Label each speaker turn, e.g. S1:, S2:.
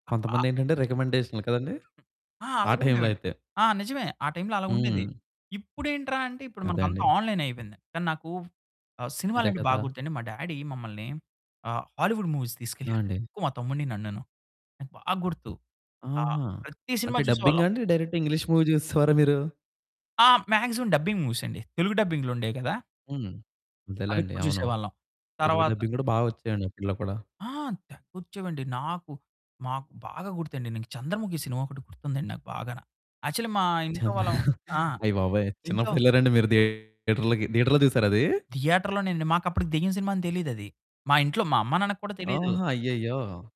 S1: కొంతమంది ఏంటంటే రికమెండేషన్లు కదండీ.
S2: ఆ!
S1: ఆ
S2: అలాగా
S1: టైంలో
S2: ఉండేవండి.
S1: అయితే
S2: ఆ! నిజమే, ఆ టైంలో అలాగుండేది.
S1: హ్మ్.
S2: ఇప్పుడేంట్రా అంటే ఇప్పుడు
S1: అదే
S2: మనకు అంతా
S1: అండి.
S2: ఆన్లైన్ అయిపోయింది. కానీ నాక ఆహ్,
S1: అదే
S2: సినిమాలంటే
S1: కదా!
S2: బాగ్గుర్తండి. మా డ్యాడీ మమ్మల్ని ఆహ్, హాలీవుడ్ మూవీస్
S1: ఆ!
S2: తీసుకెళ్ళేవారండి
S1: అండి.
S2: ఎక్కువ మా తమ్ముడిని, నన్నును. నాకు బాగా గుర్తు. ఆహ్,
S1: ఆహా!
S2: ప్రతి సినిమా
S1: అంటే డబ్బింగా
S2: చూసేవాళ్ళం.
S1: అండి? డైరెక్ట్‌ ఇంగ్లీష్ మూవీ చూసేసవారా మీరు?
S2: ఆ! మాక్సిమం డబ్బింగ్ మూవీస్ అండి తెలుగు డబ్బింగ్లుండేవి కదా.
S1: హ్మ్. అంతేలేండి
S2: అవెక్కువ
S1: అవును.
S2: జూసేవాళ్ళం.
S1: తెలుగు
S2: తర్వాత
S1: డబ్బింగ్ గూడా బా వచ్చాయండి అప్పడ్లో కూడా.
S2: ఆ! తెగ్గొచ్చేవండి నాకు మాకు బాగా గుర్తండి నేను, 'చంద్రముఖి' సినిమా ఒకటి గుర్తుందండి నాకు బాగా. యాక్చువల్లి మా ఇంట్లో
S1: చిన్న
S2: వాళ్ళం ఆ!
S1: అయ్య బాబోయ్!
S2: ఇంట్లో
S1: చిన్నప్పుడెళ్లారండి మీరు థియేటర్లుకి? థియేటర్‌లో చూసారా అది?
S2: థియేటర్‌లోనేనండి మాకు అప్పడికి దయ్యం సినిమా అని తెలియదది. మా ఇంట్లో మా అమ్మ, నాన్నకి కూడా తెలియదు.
S1: ఆహా! అయ్యయ్యో!